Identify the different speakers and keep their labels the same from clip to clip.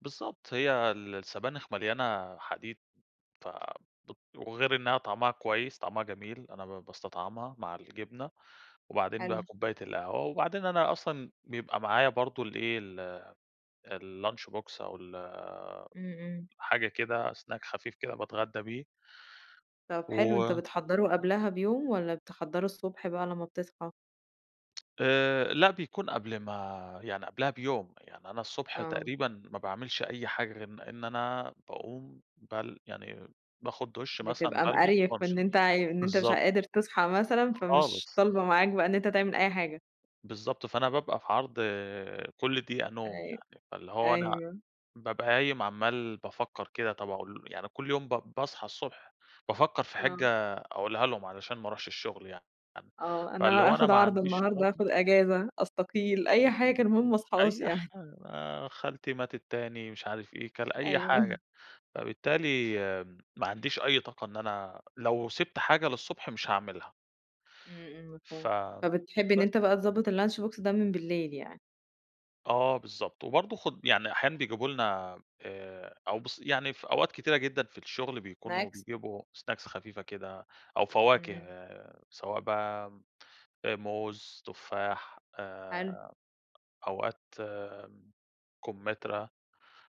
Speaker 1: بالضبط هي ال السبانخ مليانة حديد، ف بت وغير إنها طعمها كويس، طعمها جميل أنا ب باستطعمها مع الجبنة، وبعدين
Speaker 2: حلو.
Speaker 1: بقى كوباية القهوة وبعدين أنا أصلًا بيبقى معايا برضو الإيه، ال الlunch box أو ال
Speaker 2: إمم، إمم.
Speaker 1: حاجة كده snack خفيف كده باتغدى بيه.
Speaker 2: طب حلو، أنتَ
Speaker 1: و
Speaker 2: بتحضّره قبلها بيوم، والّا بتحضّره الصبح بقى لمّا بتصحى؟
Speaker 1: آآ، لأ بيكون قبل ما يعني قبلها بيوم، يعني أنا الصُبح
Speaker 2: آه.
Speaker 1: تقريبًا ما باعملش أي حاجة غير إن إن أنا باقوم بل يعني باخُذ دُش مثلًا،
Speaker 2: بتبقى
Speaker 1: بالبس
Speaker 2: مقريّف
Speaker 1: وأمشي
Speaker 2: إن أنتَ إن أنتَ مش
Speaker 1: بالضبط.
Speaker 2: قادر تصحى مثلًا، فمش
Speaker 1: خالص.
Speaker 2: طالْبة معاك بقى إن أنتَ تعمل أي حاجة.
Speaker 1: بالضبط، فأنا بابقى في عرض كُل دقيقة نوم
Speaker 2: أيوه،
Speaker 1: يعني. فاللي هو أنا
Speaker 2: أيوه.
Speaker 1: بابقى قايم عمّال بافكر كده، طب أقول يعني كل يوم با باصحى الصبح بافكر في
Speaker 2: آه.
Speaker 1: حِجَّة أقولها لهم علشان ما أروحش الشغل يعني، [unintelligible]
Speaker 2: آه،
Speaker 1: فاللي
Speaker 2: أنا
Speaker 1: هو أنا
Speaker 2: أخد
Speaker 1: ما
Speaker 2: عارضة
Speaker 1: عنديش
Speaker 2: النهاردة،
Speaker 1: طاقة
Speaker 2: أخد إجازة، أستقيل، أي حاجة المُهم ما اصحاش
Speaker 1: أي
Speaker 2: يعني
Speaker 1: حا آآ، خالتي ماتت تاني مش عارف إيه كان أي
Speaker 2: أيوه.
Speaker 1: حاجة. فبالتالي ما عنديش أي طاقة إن أنا لو سِبْت حاجة للصبح مش هاعملها.
Speaker 2: إمم، إمم
Speaker 1: فَ
Speaker 2: مفهوم. فبتحب إن
Speaker 1: بس
Speaker 2: أنتَ بقى تضبّط الlunch box ده من بالليل يعني.
Speaker 1: آه، بالضبط، وبرضو خُد يعني أحيانا بيجيبوا لنا، آآ أو بُص يعني في أوقات كثيرة جدًا في الشغل بيكونوا
Speaker 2: snacks.
Speaker 1: بيجيبوا snacks خفيفة كده، أو فواكه
Speaker 2: إمم.
Speaker 1: سواء بقى آآ، موز، تفاح
Speaker 2: حلو.
Speaker 1: آآ، أوقات آمم، كُمترى،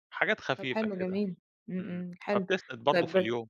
Speaker 1: حاجات
Speaker 2: طب
Speaker 1: خفيفة
Speaker 2: حلو
Speaker 1: كده.
Speaker 2: جميل، إمم،
Speaker 1: إمم،
Speaker 2: إمم حلو.
Speaker 1: فبتسند برضو
Speaker 2: طيب
Speaker 1: في
Speaker 2: بس
Speaker 1: اليوم.